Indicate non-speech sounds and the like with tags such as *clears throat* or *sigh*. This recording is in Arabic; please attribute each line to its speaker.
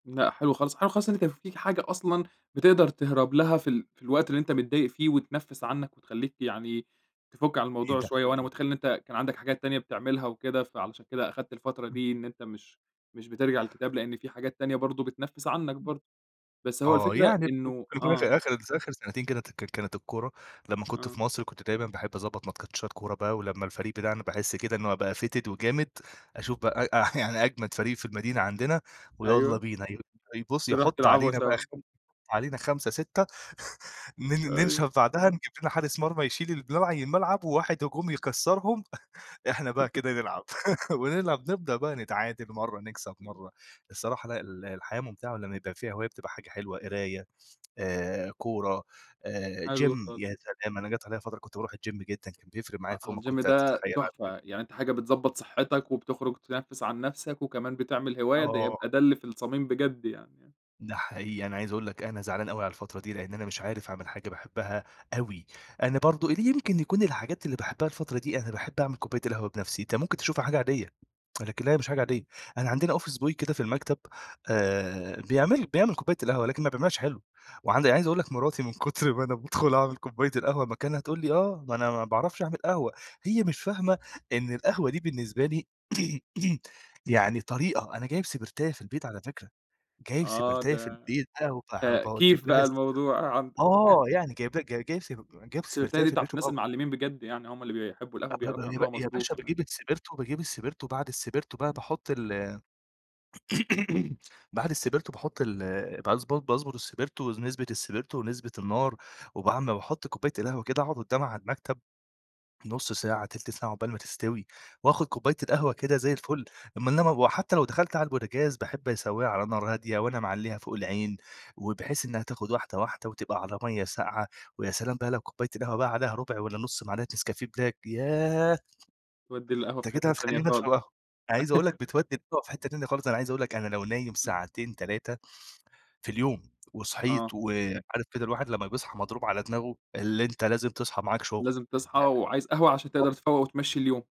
Speaker 1: لأ حلو خالص، حلو خالص إن أنت فيك حاجة أصلًا بتِقدر تهرب لها في ال في الوقت اللي أنت متضايق فيه وتنَفّس عنّك وتخلّيك يعني تفُك عن الموضوع شوية، وأنا
Speaker 2: *unintelligible*
Speaker 1: مُتخيل إن أنت كان عندك حاجات تانية بتعملها وكده فعلشان كده أخدت الفترة
Speaker 2: *unintelligible*
Speaker 1: دي إن أنت مش مش بترجع للكتاب لأن في حاجات تانية برضو بتنفّس عنّك
Speaker 2: *unintelligible*
Speaker 1: برضو، بس هو
Speaker 2: آه،
Speaker 1: الفكرة
Speaker 2: يعني ممكن
Speaker 1: إنه
Speaker 2: يكون
Speaker 1: آه.
Speaker 2: آخر آخر اتذ آخر سنتين كده اتذكّر كانت الكورة لمّا كنت في
Speaker 1: آه.
Speaker 2: مصر كنت دايمًا باحب أضَبّط ماتشات كورة بقى، ولمّا الفريق بتاعنا باحس كده إن هو بقى fitted وجامد أشوف بقى *laughs* يعني أجمد فريق في المدينة عندنا ويالّا
Speaker 1: أيوه.
Speaker 2: بينا ي يُبصّ
Speaker 1: تروح
Speaker 2: يحطّوا
Speaker 1: تلعبوا
Speaker 2: علينا بقى
Speaker 1: سوا.
Speaker 2: خم علينا 5 6 *chuckles* نن
Speaker 1: أيوه.
Speaker 2: ننشف بعدها نجيب لنا حارس مرمى يشيل *unintelligible* الملعب وواحد هجوم يكَسّرهم، *chuckles* إحنا بقى كده
Speaker 1: *laughs*
Speaker 2: نلعب، *laughs* ونلعب نبدأ بقى نتعادل مَرّة نكسب مَرّة الصراحة لأ ال الحياة مُمتعة لمّا يبقى فيها هواية بتبقى حاجة حلوة، قراية آآ، كورة آآ،
Speaker 1: حلو
Speaker 2: جيم،
Speaker 1: خالص.
Speaker 2: يا سلام! أنا جات عليَّ فترة كنت باروح الجيم جدًا كان بيفرق معايا
Speaker 1: أ
Speaker 2: فوق ما
Speaker 1: الجيم
Speaker 2: كنت
Speaker 1: ده
Speaker 2: تتخيل على
Speaker 1: تحفة،
Speaker 2: فكر
Speaker 1: يعني أنت حاجة بتضَبّط صحتك وبتخرج تنَفّس عن نَفسك وكمان بتعمل هواية، ده
Speaker 2: آه.
Speaker 1: يبقى ده اللي في الصميم بجد يعني آه.
Speaker 2: ده حقيقي، أنا عايز أقول لك أنا زعلان أوي على الفترة دي لأن أنا مش عارف أعمل حاجة باحبها أوي، أنا برضو اللي يمكن يكون الحاجات اللي باحبها الفترة دي أنا باحب أعمل كوباية القهوة بنَفسي، انت مُمكن تشوفها حاجة عادية، لكن لا هي مش حاجة
Speaker 1: إمم.
Speaker 2: عادية، أنا عندنا office boy كده في المكتب آآ، بيعمل بيعمل كوباية القهوة لكن ما بيعملهاش حلو، وعند أنا عايز أقول لك مراتي من كُتر ما أنا بادخل أعمل كوباية القهوة مكانها تقول لي: "آه ما أنا ما باعرفش أعمل قهوة"، هي مش فاهمة إن القهوة دي بالنسبة لي *clears throat* يعني طريقة، أنا جايب سِبرتاية في البيت على فكرة، جايب
Speaker 1: آه
Speaker 2: سِبرتاية في
Speaker 1: ده
Speaker 2: البيت بقى وبه
Speaker 1: ده
Speaker 2: باوجّب
Speaker 1: كِيف
Speaker 2: لها
Speaker 1: بقى
Speaker 2: السبر
Speaker 1: الموضوع عندك.
Speaker 2: آه
Speaker 1: *laughs*
Speaker 2: يعني جايب ل ج جايب سب جايب
Speaker 1: السِبرتاية
Speaker 2: سِبرتاية
Speaker 1: دي
Speaker 2: في
Speaker 1: بتاعة
Speaker 2: البيت
Speaker 1: الناس
Speaker 2: وباو
Speaker 1: المعلمين بجد، يعني هُم اللي بيحبوا القهوة
Speaker 2: أبب
Speaker 1: بيعرفوا
Speaker 2: ي
Speaker 1: يعملوها
Speaker 2: يا
Speaker 1: مضبوط
Speaker 2: باشا
Speaker 1: كمان.
Speaker 2: باجيب السبرتو باجيب السبرتو، وبعد السبرتو بقى
Speaker 1: إمم.
Speaker 2: باحُط ال *clears throat* بعد السبرتو باحط ال باضبط باضبط السبرتو نسبة السبرتو ونسبة النار وبعمِ باحط كوباية القهوة كده أقعُد قُدّامها على المكتب نُص ساعة، تلت ساعة عقبال ما تستوي، وآخُد كوباية القهوة
Speaker 1: امم.
Speaker 2: كده زي الفل أمّا إنما وحتى لو دخلت على البوتجاز باحب أسوّيها على نار هادية وأنا معلّيها فوق العين، وبحيث إنها تاخد واحدة واحدة وتبقى على مَيّة ساقعة، ويا سلام بقى لو كوباية القهوة بقى عليها ربع والّا نُص معلقة نسكافيه بلاك ياه!
Speaker 1: توَدّي القهوة في
Speaker 2: أنت كده
Speaker 1: حِتّة تانية
Speaker 2: هاتخلّيني
Speaker 1: خالص.
Speaker 2: أشرب قهوة. عايز أقول لك
Speaker 1: *laughs*
Speaker 2: بتوَدّي *unintelligible* في حِتّة تانية خالص، أنا عايز أقول لك أنا لو نايم
Speaker 1: إمم.
Speaker 2: ساعتين، 3 في اليوم وصحيت
Speaker 1: آه.
Speaker 2: وعارف كده الواحد لمّا بيصحى مضروب على دماغه؟ اللي أنت لازم تصحى معاك شغل
Speaker 1: لازم تصحى، وعايز قهوة عشان
Speaker 2: *unintelligible*
Speaker 1: تقدر تفَوّق وتمَشّي اليوم.